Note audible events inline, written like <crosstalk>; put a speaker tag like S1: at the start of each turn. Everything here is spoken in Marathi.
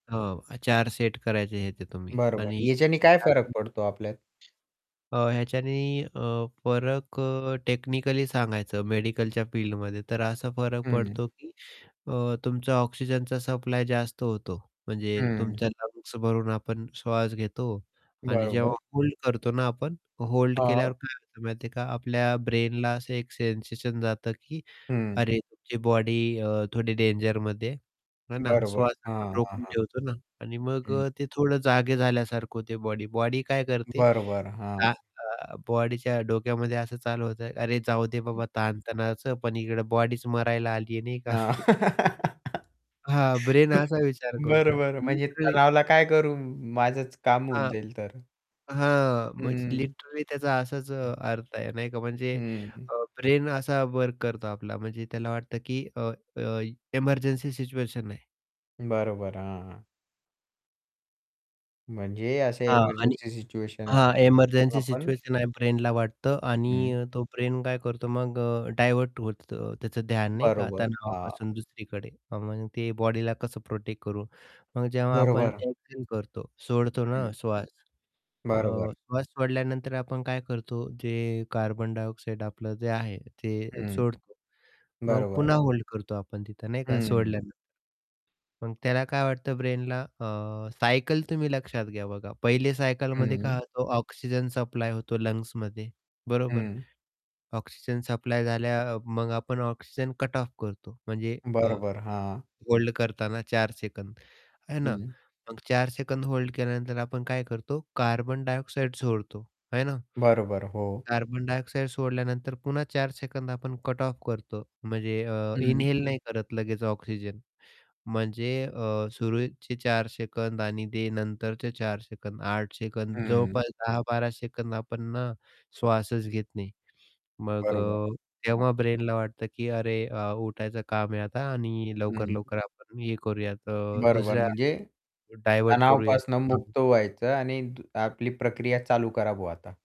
S1: हो, अ, 4 सेट करायचे ह्याचे तुम्ही
S2: बरं, बरं.
S1: आणि
S2: ह्याच्याने काय फरक
S1: <unintelligible>
S2: पडतो आपल्यात?
S1: अ, ह्याच्याने अ, फरक अ, टेक्निकली सांगायचं मेडिकलच्या फिल्डमध्ये तर असा फरक
S2: हं.
S1: पडतो, की अ, तुमचा ऑक्सिजनचा सप्लाय जास्त होतो. म्हणजे
S2: हं.
S1: तुमच्या लंग्स भरून आपण श्वास घेतो आणि
S2: बरोबर.
S1: जेव्हा होल्ड करतो ना आपण, होल्ड
S2: हां.
S1: केल्यावर काय होतं माहिती आहे का? आपल्या ब्रेनला असं एक सेन्सेशन जातं, की
S2: हं.
S1: "अरे, तुमची बॉडी अ, थोडी डेंजरमध्ये आहे." आहे ना?
S2: बरोबर.
S1: श्वास असा
S2: हां, हां,
S1: रोखून
S2: हां.
S1: ठेवतो ना आणि मग
S2: हं.
S1: अ, ते थोडं जागे झाल्यासारखं होते बॉडी. बॉडी काय करते?
S2: बरोबर, हां.
S1: त्या अ, बॉडीच्या डोक्यामध्ये असं चालू होतं, "अरे, जाऊ दे
S2: हं.
S1: बाबा, ताणतणावाचं पण इकडे बॉडीच मरायला आली आहे नाही
S2: अ,
S1: का?" <chuckles> हां, ब्रेन
S2: <laughs>
S1: असा विचार करतो
S2: बरं, बरं, म्हणजे
S1: लिटरली
S2: तणावाला काय करू? माझंच काम होऊन
S1: आ
S2: जाईल तर.
S1: हां, म्हणजे
S2: हं.
S1: लिटरली त्याचा असाच
S2: हं.
S1: अर्थ आहे, नाही का? म्हणजे
S2: हं.
S1: अ, ब्रेन असा वर्क करतो आपला म्हणजे त्याला वाटतं, की अ, अ, इमर्जन्सी सिच्युएशन आहे.
S2: बरोबर, हां. म्हणजे असे
S1: हां, आणि
S2: इमर्जन्सी सिच्युएशन आहे
S1: हां,
S2: आपली. मग
S1: इमर्जन्सी
S2: आपण
S1: सिच्युएशन आहे ब्रेनला वाटतं आणि
S2: हं.
S1: अ, तो ब्रेन काय करतो मग अ, डायव्हर्ट होतं त्याचं ध्यान, नाही का,
S2: बरोबर, हां.
S1: तणावापासून दुसरीकडे. आणि मग ते बॉडीला कसं प्रोटेक्ट करू? मग जेव्हा आपण
S2: बरोबर.
S1: एक्झेल करतो, सोडतो ना
S2: हं.
S1: श्वास. अ,
S2: बरोबर.
S1: श्वास सोडल्यानंतर आपण काय करतो? जे कार्बन डायऑक्साईड आपलं जे आहे, ते
S2: हं.
S1: सोडतो. मग
S2: बरोबर.
S1: पुन्हा होल्ड करतो आपण तिथं नाही का
S2: हं.
S1: सोडल्यानंतर. मग त्याला काय वाटतं ब्रेनला? अ, सायकल तुम्ही लक्षात घ्या, बघा, पहिले सायकलमध्ये काय
S2: हं.
S1: होतं? ऑक्सिजन सप्लाय होतो लंग्समध्ये, बरोबर?
S2: हं.
S1: ऑक्सिजन सप्लाय झाल्या मग आपण ऑक्सिजन कट ऑफ करतो म्हणजे अ,
S2: बरोबर, हां.
S1: होल्ड करताना 4 सेकंद, आहे ना?
S2: हं.
S1: मग 4 सेकंद होल्ड केल्यानंतर आपण काय करतो? कार्बन डायऑक्साइड सोडतो, आहे ना?
S2: बरोबर, हो.
S1: कार्बन डायऑक्साईड सोडल्यानंतर पुन्हा 4 सेकंद आपण कट ऑफ करतो म्हणजे अ,
S2: हं.
S1: इन्हेल नाही करत लगेच ऑक्सिजन. म्हणजे अ, सुरूचे 4 सेकंद आणि ते नंतरचे 4 सेकंद 8 सेकंद
S2: हं.
S1: जवळपास 10-12 सेकंद आपण ना श्वासच घेत नाही. मग
S2: बरोबर,
S1: अ,
S2: हां.
S1: तेव्हा ब्रेनला वाटतं, की "अरे, अ, उठायचं काम आहे आता आणि
S2: हं.
S1: लवकर-लवकर आपण हे करूयात अ,
S2: बरोबर
S1: दुसऱ्या
S2: म्हणजे,
S1: डायव्हर्ट करूयात."
S2: तणावापासून
S1: हं, हं.
S2: मुक्त व्हायचं आणि दु आपली प्रक्रिया चालू करा बुवा आता.